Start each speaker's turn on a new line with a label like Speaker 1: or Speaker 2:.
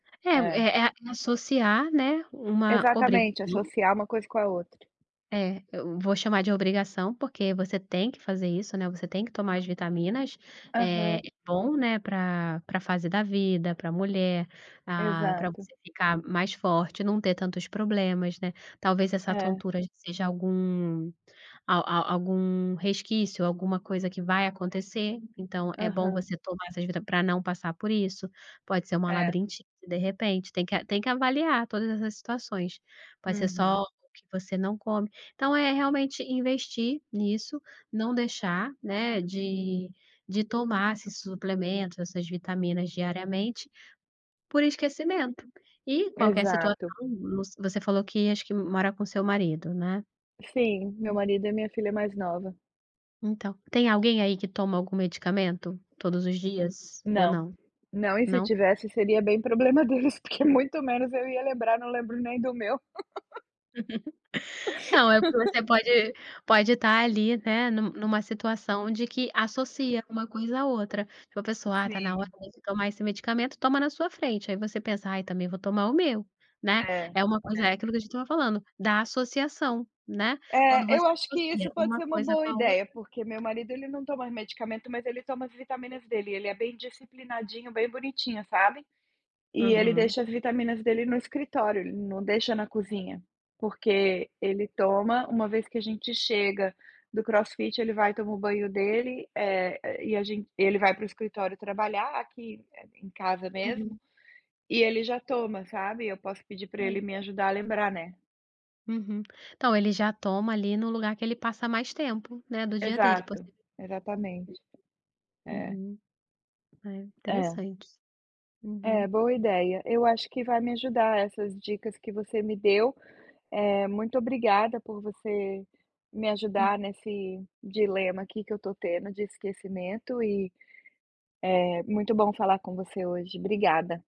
Speaker 1: É.
Speaker 2: É-é a associar, né, uma
Speaker 1: Exatamente,
Speaker 2: obrigação.
Speaker 1: associar uma coisa com a outra.
Speaker 2: Eh, eu vou chamar de obrigação, porque você tem que fazer isso, né, você tem que tomar as vitaminas,
Speaker 1: Aham.
Speaker 2: eh, bom né, pra pra fase da vida pra mulher pra pra
Speaker 1: Exato.
Speaker 2: você ficar mais forte, não ter tantos problemas, né, talvez essa
Speaker 1: É.
Speaker 2: tontura seja algum al al algum resquício, alguma coisa que vai acontecer, então é bom
Speaker 1: Aham.
Speaker 2: você tomar essas vita pra não passar por isso, pode ser um
Speaker 1: Eh.
Speaker 2: labirintite de repente, tem que a tem que avaliar todas essas situações, pode ser só
Speaker 1: Uhum.
Speaker 2: o que você não come, então é realmente investir nisso, não deixar, né, de de tomar esses suplementos, essas vitaminas diariamente por esquecimento e qualquer situação
Speaker 1: Exato.
Speaker 2: vo você falou que acho que mora com seu marido né.
Speaker 1: Sim, meu marido e minha filha mais nova.
Speaker 2: Então tem alguém aí que toma algum medicamento, todos os dias ou
Speaker 1: Não,
Speaker 2: não?
Speaker 1: não e se
Speaker 2: Não.
Speaker 1: tivesse seria bem problema deles porque muito menos eu ia lembrar, não lembro nem do meu.
Speaker 2: Não é porque você pode, pode estar ali, né, nu numa situação de que associa um coisa à outra, tipo a pessoa ah, está na
Speaker 1: Sim.
Speaker 2: tomar esse medicamento toma na sua frente aí você pensa ai também vou tomar o meu, né,
Speaker 1: É,
Speaker 2: é um coisa, é
Speaker 1: é.
Speaker 2: aquilo que a gente estava falando da associação, né, quando
Speaker 1: Eh, eu
Speaker 2: você
Speaker 1: acho que isso
Speaker 2: associa um
Speaker 1: pode ser um
Speaker 2: coisa
Speaker 1: boa
Speaker 2: com a
Speaker 1: ideia,
Speaker 2: outra.
Speaker 1: porque meu marido ele não toma medicamento, mas ele toma as vitaminas dele, ele é bem disciplinadinho, bem bonitinho sabe, e ele
Speaker 2: Aham.
Speaker 1: deixa as vitaminas dele no escritório, ele não deixa na cozinha, porque ele toma, um vez que a gente chega do crossfit ele vai toma o banho dele, eh, e a gente e ele vai pro escritório trabalhar aqui em casa mesmo,
Speaker 2: Uhum.
Speaker 1: e ele já toma sabe, eu posso pedir pra ele
Speaker 2: Hum.
Speaker 1: me ajudar a lembrar, né.
Speaker 2: Uhum, então ele já toma ali no lugar que ele passa mais tempo, né, do dia dele
Speaker 1: Exato,
Speaker 2: possi
Speaker 1: exatamente, eh.
Speaker 2: Uhum, eh,
Speaker 1: Eh.
Speaker 2: Interessante,
Speaker 1: Eh,
Speaker 2: uhum.
Speaker 1: boa ideia, eu acho que vai me ajudar essas dicas que você me deu, eh, muito obrigada por você me
Speaker 2: Hum.
Speaker 1: ajudar nesse dilema aqui que eu estou tendo de esquecimento e, eh, muito bom falar com você hoje. Obrigada.